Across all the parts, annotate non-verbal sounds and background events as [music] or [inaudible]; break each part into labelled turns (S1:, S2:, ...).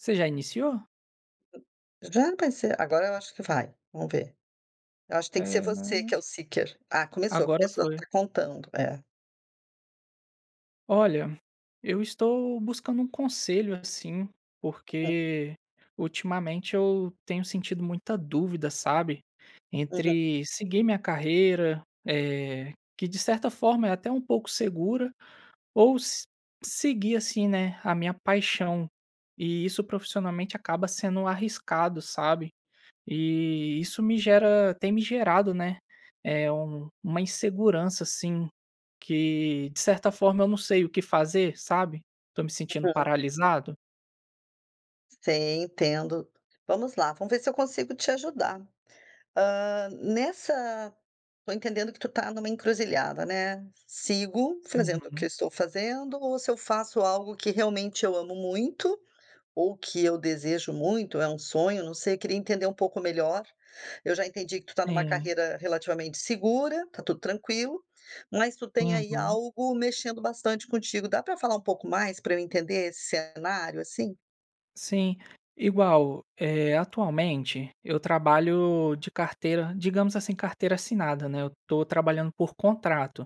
S1: Você já iniciou?
S2: Já, vai ser agora eu acho que vai, vamos ver, eu acho que tem que ser
S1: É,
S2: você que
S1: né.
S2: é o seeker, ah, começou,
S1: Agora
S2: começou
S1: foi.
S2: tá contando, é.
S1: Olha, eu estou buscando um conselho assim,
S2: Hum.
S1: porque ultimamente eu tenho sentido muita dúvida, sabe,
S2: Uhum.
S1: entre seguir minha carreira, eh, que de certa forma, é até um pouco segura ou se seguir assim, né, a minha paixão, e isso profissionalmente acaba sendo arriscado, sabe, eh, isso me gera tem me gerado, né, eh, um uma insegurança assim, que, de certa forma, eu não sei o que fazer, sabe, estou me sentindo
S2: Uhum.
S1: paralisado.
S2: Sim, entendo, vamos lá, vamos ver se eu consigo te ajudar. Hã, nessa tô entendendo que tu tá numa encruzilhada, né, "sigo fazendo o que eu
S1: Uhum.
S2: estou fazendo ou se eu faço algo que realmente eu amo muito, ou que eu desejo muito, é um sonho", não sei, eu queria entender um pouco melhor, eu já entendi que tu tá numa
S1: Sim.
S2: carreira relativamente segura, tá tudo tranquilo, mas tu tem aí
S1: Uhum.
S2: algo mexendo bastante contigo, dá pra falar um pouco mais, pra eu entender esse cenário, assim?
S1: Sim, igual eh, atualmente, eu trabalho de carteira digamos assim, carteira assinada, né. Eu estou trabalhando por contrato.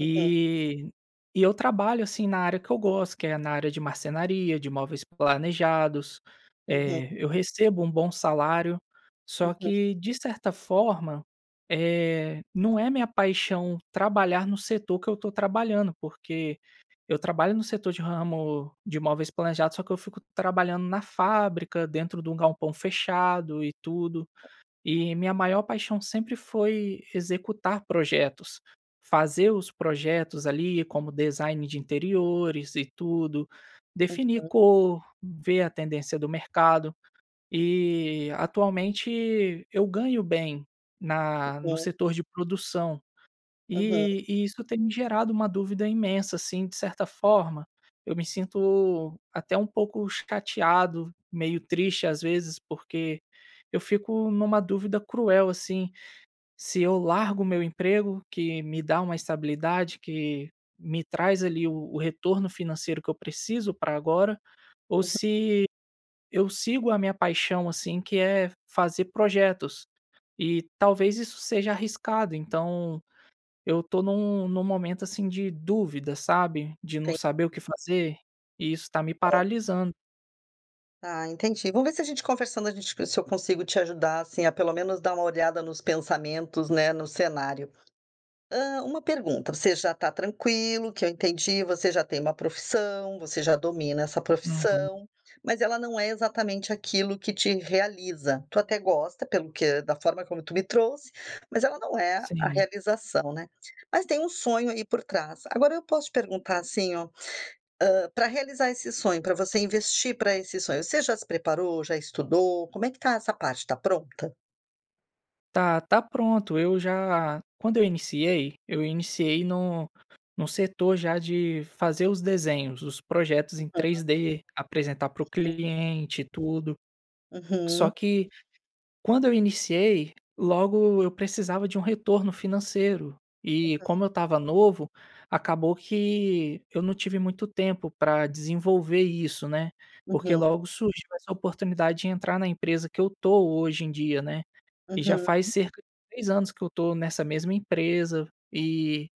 S2: Uhum.
S1: e eu trabalho assim na área que eu gosto, que é na área de marcenaria de móveis planejados,
S2: Uhum.
S1: eh, eu recebo um bom salário, só
S2: Uhum.
S1: que, de certa forma, eh, não é minha paixão trabalhar no setor que eu estou trabalhando, porque eu trabalho no setor de ramo de móveis planejados, só que eu fico trabalhando na fábrica, dentro de um galpão fechado e tudo, e minha maior paixão sempre foi executar projetos, fazer os projetos ali, como design de interiores e tudo, definir
S2: Uhum.
S1: cor, ver a tendência do mercado e atualmente eu ganho bem na no
S2: Uhum.
S1: setor de produção
S2: Uhum.
S1: e e isso tem gerado uma dúvida imensa assim, de certa forma, eu me sinto até um pouco chateado, meio triste, às vezes, porque eu fico numa dúvida cruel, assim. Se eu largo o meu emprego, que me dá uma estabilidade, que me traz ali o o retorno financeiro que eu preciso pra agora, ou
S2: Uhum.
S1: se eu sigo a minha paixão, assim, que é fazer projetos e talvez isso seja arriscado, então eu estou num num momento assim de dúvida, sabe, de não saber o
S2: Entendi.
S1: que fazer, e isso está me
S2: [unintelligible]
S1: paralisando.
S2: Ah, entendi. Vamos ver se a gente conversando, a gente co se eu consigo te ajudar assim, a, pelo menos, dar uma olhada nos pensamentos, né, no cenário. Hã, uma pergunta: você já está tranquilo que eu entendi, você já tem uma profissão, você já domina essa
S1: Uhum.
S2: profissão, mas ela não é exatamente aquilo que te realiza, tu até gosta, pelo que da forma como tu me trouxe, mas ela não é a
S1: Sim.
S2: realização, né. Mas tem um sonho aí por trás. Agora eu posso te perguntar assim ó: hã, para realizar esse sonho, pra você investir para esse sonho, você já se preparou, já estudou? Como é que está essa parte, tá pronta?
S1: Tá, tá pronto. Eu já quando eu iniciei, eu iniciei no no setor já de fazer os desenhos, os projetos em três
S2: [unintelligible]
S1: D, apresentar para o
S2: [unintelligible]
S1: cliente e tudo. Só
S2: Uhum.
S1: que quando eu iniciei, logo eu precisava de um retorno financeiro. E
S2: Uhum.
S1: como eu estava novo, acabou que eu não tive muito tempo para desenvolver isso, né. Porque
S2: Uhum.
S1: logo surgiu essa oportunidade de entrar na empresa que eu estou hoje em dia, né. E já faz
S2: Uhum.
S1: cerca de 3 anos que eu estou nessa mesma empresa e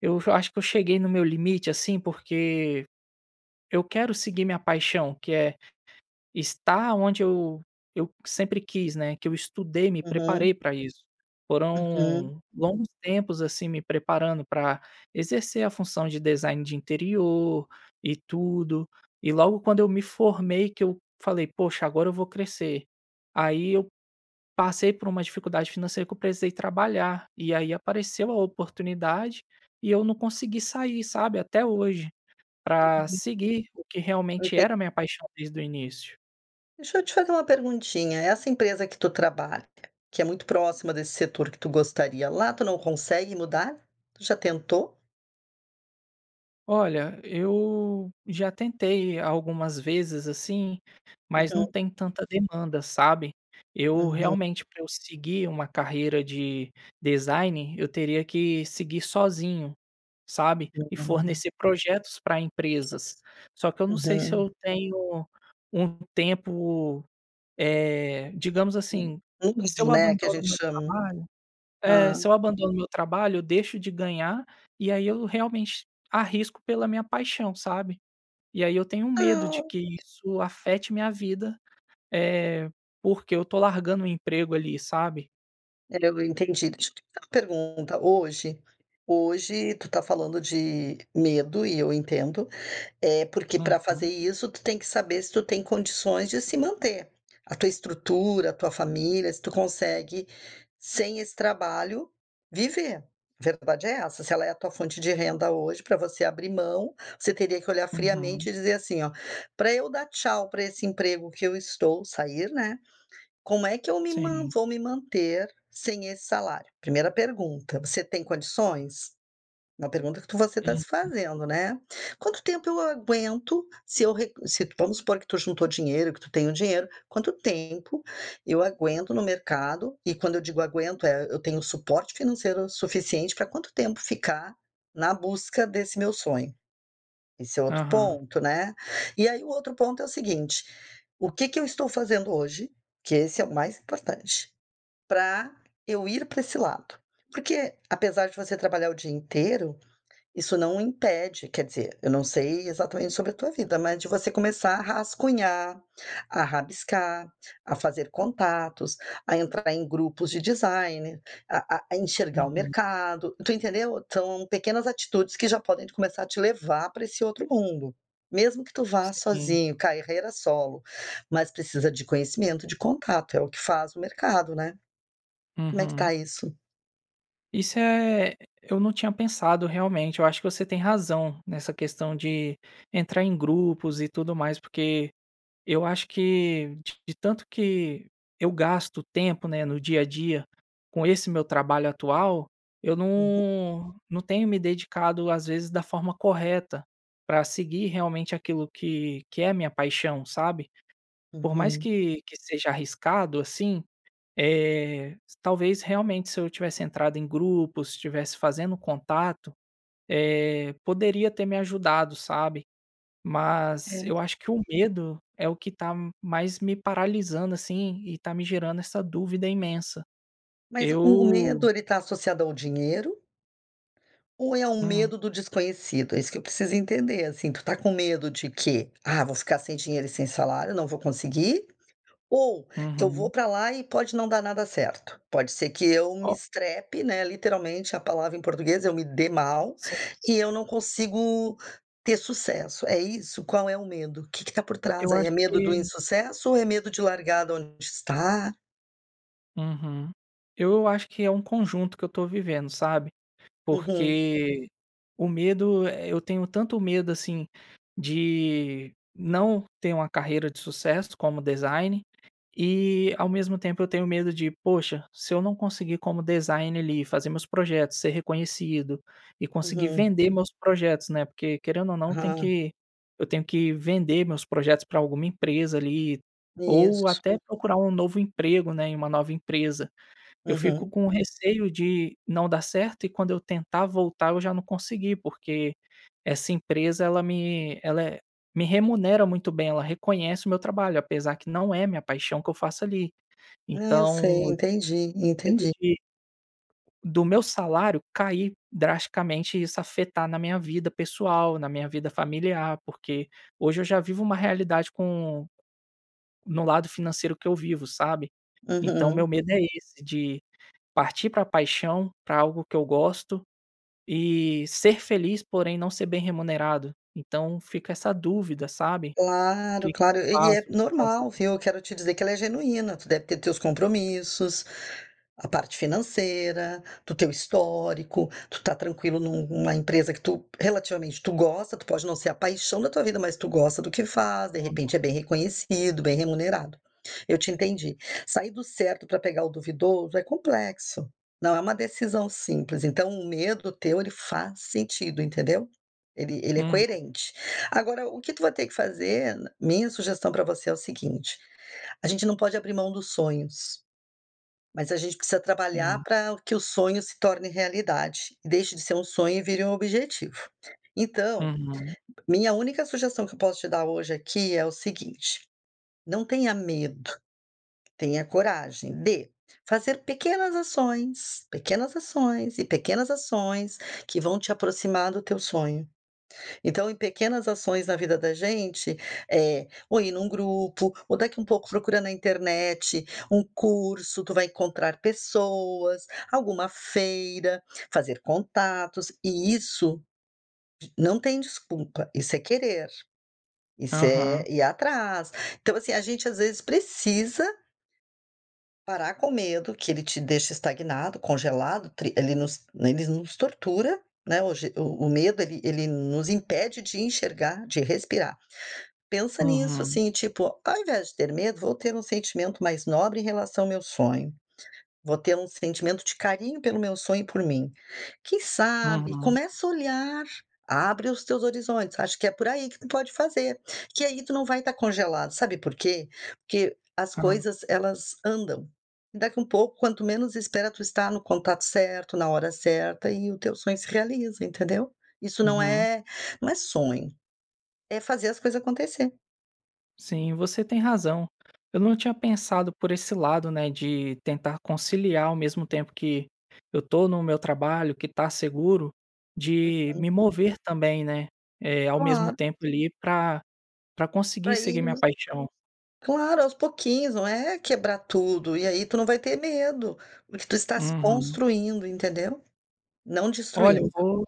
S1: eu hoje eu acho que eu cheguei no meu limite assim, porque eu quero seguir minha paixão, que é estar onde eu eu sempre quis, né, que eu estudei, me
S2: Uhum.
S1: preparei pra isso.
S2: Uhum.
S1: Foram longos tempos assim, me preparando pra exercer a função de design de interior e tudo e logo quando eu me formei que eu falei: "Poxa, agora eu vou crescer", aí eu passei por uma dificuldade financeira que eu precisei trabalhar e aí apareceu a oportunidade e eu não consegui sair, sabe, até hoje pra
S2: [unintelligible]
S1: seguir o que realmente
S2: Enten
S1: era minha paixão desde o início.
S2: Deixa eu te fazer uma perguntinha: essa empresa que tu trabalha, que é muito próxima desse setor que tu gostaria, lá tu não consegue mudar? Tu já tentou?
S1: Olha, eu já tentei algumas vezes assim, mas não
S2: Uhum.
S1: tem tanta demanda, sabe. Eu
S2: Uhum.
S1: realmente, pra eu seguir uma carreira de design, eu teria que seguir sozinho, sabe, e
S2: Uhum.
S1: fornecer projetos pra empresas. Só que eu não sei se
S2: Uhum.
S1: eu tenho um tempo, eh, digamos
S2: Hum,
S1: assim, se eu
S2: [unintelligible] né, que a
S1: abandono o
S2: gente
S1: meu
S2: chama,
S1: trabalho É,
S2: hã.
S1: se eu abandono o meu trabalho, eu deixo de ganhar e aí eu realmente arrisco pela minha paixão, sabe, e aí eu tenho medo de
S2: Não.
S1: que isso afete minha vida, eh, porque eu estou largando um emprego ali, sabe.
S2: [unintelligible] eu entendi, deixa eu fazer uma pergunta: hoje hoje tu tá falando de medo e eu entendo, eh, porque pra fazer
S1: Uhum.
S2: isso, tu tem que saber se tu tem condições de se manter, a tua estrutura, a tua família, se tu consegue, sem esse trabalho, viver. A verdade é essa, se ela é a tua fonte de renda hoje, pra você abrir mão, você teria que olhar friamente
S1: Uhum.
S2: e dizer, assim, ó: "Pra eu dar tchau pra esse emprego que eu estou, sair, né, como é que eu me man
S1: Sim.
S2: vou me manter sem esse salário?". Primeira pergunta, você tem condições? Uma pergunta que você está se
S1: Uhum.
S2: fazendo, né. Quanto tempo eu aguento, se eu re se vamos supor que tu juntou dinheiro, que tu tem o dinheiro, quanto tempo eu aguento no mercado? E quando eu digo aguento, é, eu tenho suporte financeiro suficiente pra quanto tempo ficar na busca desse meu sonho? Esse é outro
S1: Aham.
S2: ponto, né. E aí o outro ponto é o seguinte: o que que eu estou fazendo hoje que esse é o mais importante, pra eu ir pra esse lado? Porque, apesar de você trabalhar o dia inteiro, isso não impede quer dizer, eu não sei exatamente sobre a tua vida, mas de você começar a rascunhar, a rabiscar, a fazer contatos, a entrar em grupos de designer, a a a enxergar o
S1: Uhum.
S2: mercado, tu entendeu? São pequenas atitudes que já podem começar a te levar pra esse outro mundo, mesmo que tu vá
S1: Sim.
S2: sozinho, carreira solo, mas precisa de conhecimento, de contato, é o que faz o mercado, né. Como é que
S1: Uhum.
S2: está isso?
S1: Isso é e eu não tinha pensado realmente. Eu acho que você tem razão, nessa questão de entrar em grupos e tudo mais, porque eu acho que de tanto que eu gasto tempo, né, no dia a dia, com esse meu trabalho atual, eu
S2: Uhum.
S1: não não tenho me dedicado às vezes da forma correta para seguir realmente aquilo que que é a minha paixão, sabe. Por mais
S2: Uhum.
S1: que que seja arriscado assim, eh, s talvez realmente se eu tivesse entrado em grupo, se tivesse fazendo contato, eh, poderia ter me ajudado, sabe. Mas
S2: É.
S1: eu acho que o medo é o que está m mais me paralisando assim e está me gerando essa dúvida imensa.
S2: Mas o o
S1: Eu
S2: medo, ele tá associado ao dinheiro ou é um
S1: Hum.
S2: medo do desconhecido? É isso que eu preciso entender assim, tu está com medo de quê? "Ah, vou ficar sem dinheiro e sem salário, não vou conseguir", ou "Que eu vou
S1: Uhum.
S2: para lá e pode não dar nada certo"? "Pode ser que eu me
S1: Oh
S2: estrepe", né, literalmente a palavra em português, "Eu me dê mal
S1: Sim.
S2: e eu não consigo ter sucesso". É isso? Qual é o medo, que que está por trás
S1: Eu
S2: aí? É
S1: acho
S2: medo do
S1: que
S2: insucesso ou é medo de largar de onde está?
S1: Uhum. Eu acho que é um conjunto que eu estou vivendo, sabe.
S2: Uhum.
S1: Porque, o medo é eu tenho tanto medo assim de não ter uma carreira de sucesso como designer e, ao mesmo tempo, eu tenho medo de: "Poxa, se eu não conseguir como designer ali, fazer meus projetos, ser reconhecido e conseguir
S2: Uhum.
S1: vender meus projetos", né, porque querendo ou não tem
S2: Aham.
S1: que eu tenho que vender meus projetos para alguma empresa ali, ou
S2: Isso.
S1: até procurar um novo emprego, né, em uma nova empresa. Eu fico
S2: Uhum.
S1: com receio de não dá certo, e quando eu tentar voltar, eu já não conseguir, porque essa empresa ela me ela me remunera muito bem. Ela reconhece o meu trabalho, apesar de que não é minha paixão que eu faço ali.
S2: Ah, eu
S1: Então,
S2: sei.
S1: eu fico
S2: Entendi,
S1: com medo
S2: entendi.
S1: de do meu salário cair drasticamente e isso afetar na minha vida pessoal, na minha vida familiar, porque hoje eu já vivo uma realidade com no lado financeiro que eu vivo, sabe. Então, o
S2: Uhum.
S1: meu medo é esse de partir para a paixão, para algo que eu gosto e ser feliz, porém não ser bem remunerado. Então, fica essa dúvida, sabe. O
S2: Claro,
S1: que que eu
S2: claro, e é
S1: faço? O que fazer?
S2: normal, viu. Eu quero te dizer que ela é genuína. Tu deve ter teus compromissos, a parte financeira, do teu histórico, tu tá tranquilo num numa empresa que tu, relativamente, tu gosta, tu pode não ser a paixão da tua vida, mas tu gosta do que faz. De
S1: Aham.
S2: repente é bem reconhecido, bem remunerado. Eu te entendi. Sair do certo para pegar o duvidoso é complexo, não é uma decisão simples. Então o medo teu, ele faz sentido, entendeu. Ele ele é
S1: Uhum.
S2: coerente. Agora, o que tu vai ter que fazer minha sugestão para você é a seguinte: a gente não pode abrir mão dos sonhos, mas a gente precisa trabalhar
S1: Sim.
S2: para que o sonho se torne realidade, e deixe de ser um sonho e vire um objetivo. Então,
S1: Uhum.
S2: minha única sugestão que eu posso te dar hoje aqui é o seguinte: não tenha medo! Tenha a coragem de fazer pequenas ações, pequenas ações e pequenas ações, que vão te aproximar do teu sonho. Então, em pequenas ações na vida da gente, eh ou ir num grupo, ou daqui um pouco procura na internet um curso, tu vai encontrar pessoas, alguma feira, fazer contatos e isso, não tem desculpa. Isso é querer, isso é
S1: Aham.
S2: ir atrás. Então assim, a gente às vezes precisa parar com o medo, que ele te deixe estagnado, congelado, tri ele nos ele nos tortura, né, o je o o medo, ele ele nos impede de enxergar, de respirar. Pensa nisso
S1: Uhum.
S2: assim, tipo: "Ao invés de ter medo, vou ter um sentimento mais nobre em relação ao meu sonho. Vou ter um sentimento de carinho pelo meu sonho e por mim". Quem sabe,
S1: Uhum.
S2: começa a olhar, abre os teus horizontes, acho que é por aí que tu pode fazer, que aí tu não vai estar congelado. Sabe por quê? Porque as
S1: Ah.
S2: coisas elas andam, e daqui um pouco, quanto menos espera, tu está no contato certo, na hora certa, e o teu sonho se realiza, entendeu. Isso não
S1: Uhum.
S2: é não é sonho, é fazer as coisas acontecer.
S1: Sim, você tem razão. Eu não tinha pensado por esse lado, né, de tentar conciliar ao mesmo tempo que, eu estou no meu trabalho, que está seguro de
S2: Uhum.
S1: me mover também, né, eh, ao mesmo
S2: Claro.
S1: tempo ali pra pra conseguir
S2: Aí
S1: seguir minha
S2: nos
S1: paixão.
S2: claro, aos pouquinhos, não é quebrar tudo. E aí, tu não vai ter medo, porque tu estás
S1: Uhum.
S2: construindo, entendeu. Não
S1: Olha, eu
S2: destruindo.
S1: vou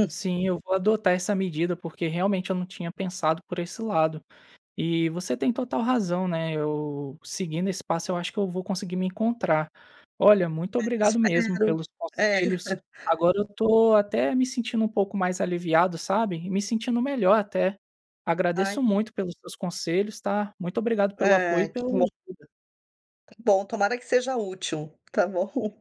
S2: [chuckles]
S1: sim, eu vou adotar essa medida, porque realmente eu não tinha pensado por esse lado e você tem total razão, né, eu seguindo esse passo, eu acho que eu vou conseguir me encontrar. Olha, muito
S2: Ah,
S1: obrigado mesmo
S2: espero,
S1: pelos
S2: eh.
S1: conselhos.
S2: [chuckles]
S1: Agora eu estou até me sentindo um pouco mais aliviado, sabe, e me sentindo melhor até. Agradeço
S2: Ai
S1: muito pelos seus conselhos, tá. Muito obrigado pelo apoio
S2: Ah,
S1: e pela
S2: que bom!
S1: ajuda.
S2: Que bom, tomara que seja útil. Tá bom.